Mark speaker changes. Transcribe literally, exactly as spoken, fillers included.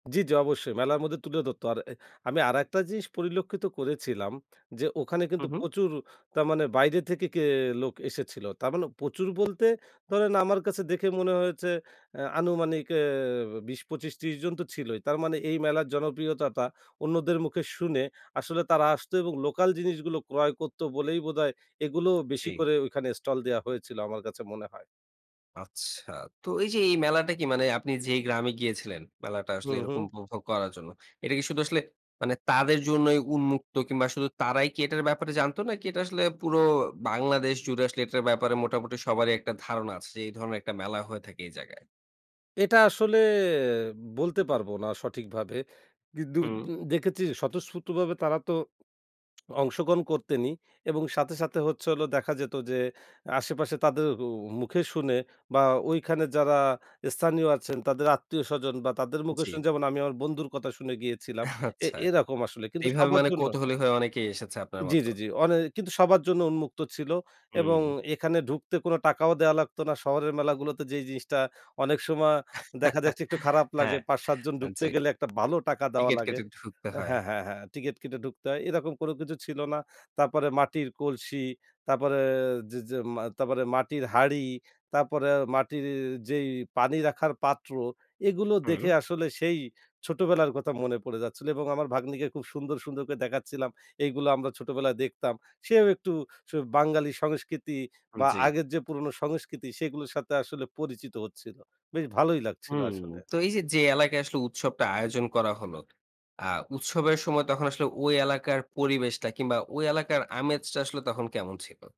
Speaker 1: জি, জি অবশ্যই মেলার মধ্যে তুলে দরত। আর এ আমি আরেকটা জিনিস পরিলক্ষিত করেছিলাম। যে ওখানে
Speaker 2: হু,
Speaker 1: কিন্তু
Speaker 2: হু।
Speaker 1: প্রচুর তার মানে বাইরে থেকে কে লোক এসেছিল। তার মানে প্রচুর বলতে ধরেন, আমার কাছে দেখে মনে হয়েছে আ আনুমানিক অ্যা বিশ, পঁচিশ, ত্রিশ জন তো ছিলই। তার মানে এই মেলার জনপ্রিয়তাটা অন্যদের মুখে শুনে, আসলে তারা আসতো এবং লোকাল জিনিসগুলো ক্রয় করত বলেই বোধহয়, এগুলো বেশি
Speaker 2: জি।
Speaker 1: করে ওইখানে স্টল দেওয়া হয়েছিলো আমার কাছে মনে হয়।
Speaker 2: আচ্ছা। তো এই যে এই মেলাটা কি মানে আপনি যেই গ্রামে গিয়েছিলেন মেলাটা আসলে
Speaker 1: হুম,
Speaker 2: এরকম
Speaker 1: হুম।
Speaker 2: উপভোগ করার জন্য। এটা কি শুধু আসলে মানে তাদের জন্যই উন্মুক্ত? কিংবা শুধু তারাই কি এটার ব্যাপারে জানতো? নাকি এটা আসলে পুরো বাংলাদেশ জুড়ে আসলে এটার ব্যাপারে মোটামুটি সবারই একটা ধারণা আছে যে এই ধরনের একটা মেলা হয়ে থাকে এই জায়গায়?
Speaker 1: এটা আসলে বলতে পারব না সঠিকভাবে। কিন্তু
Speaker 2: হুম।
Speaker 1: দেকেচি স্বতঃস্ফূর্তভাবে তারা তো অংশগ্রহণ করতেনই, এবং সাথে, সাথে হচ্ছে হলো দেখা যেত যে আশেপাশে তাদের অ মুখে শুনে বা ঐখানে যারা স্থানীয় আছেন তাদের আত্মীয়স্বজন বা তাদের মুখে
Speaker 2: জি।
Speaker 1: শুনে যেমন আমি আমার বন্ধুর কতা শুনে গিয়েছিলাম, এ
Speaker 2: আচ্ছা।
Speaker 1: এরকম আসলে কিন্তু
Speaker 2: এইভাবে
Speaker 1: সবার
Speaker 2: মানে
Speaker 1: জন্য
Speaker 2: কৌতূহলী হয়ে অনেকেই এসেছে আপনার
Speaker 1: জি,
Speaker 2: মতো।
Speaker 1: জি, জি। অনে কিন্তু সবার জন্য উন্মুক্ত ছিল এবং
Speaker 2: হুম।
Speaker 1: এখানে ঢুকতে কোন টাকাও দেয়া লাগতো না। শহরের মেলাগুলোতে যেই জিনিসটা অনেক সময় দেখা যাচ্ছে একটু খারাপ লাগে।
Speaker 2: হ্যাঁ,
Speaker 1: পাঁচ সাত জন
Speaker 2: আ
Speaker 1: ঢুকতে
Speaker 2: জি।
Speaker 1: গেলে একটা বালো টাকা দেওয়া
Speaker 2: টিকেট
Speaker 1: লাগে।
Speaker 2: কেটে ঢুকতে হয়।
Speaker 1: হ্যাঁ, হ্যাঁ, হ্যাঁ, টিকেট কেটে ডুকতে হয়। এরকম কোনো কিছু ছিল না। তারপরে মাটির কলসি, তারপরে যে, যে মা তারপরে মাটির হাঁড়ি, তারপরে মাটির যেই পানি রাখার পাত্র, এগুলো দেখে
Speaker 2: হুম।
Speaker 1: আসলে সেই ছোটবেলার কথা মনে পড়ে যাচ্ছিলো এবং আমার ভাগ্নিকে খুব সুন্দর, সুন্দর করে দেখাচ্ছিলাম। এইগুলো আমরা ছোটবেলায় দেখতাম। সেও একটু স বাঙালি সংস্কৃতি বা
Speaker 2: জি।
Speaker 1: আগের যে পুরোনো সংস্কৃতি সেগুলোর সাথে আসলে পরিচিত হচ্ছিল। বেশ ভালোই লাগছিল
Speaker 2: হুম।
Speaker 1: আসলে।
Speaker 2: তো এই যে, যে এলাকায় আসলে উৎসবটা আয়োজন করা হলো, আ উৎসবের সময় তখন আসলে ঐ এলাকার পরিবেশটা, কিংবা ওই এলাকার আমেজটা আসলো তখন কেমন ছিল?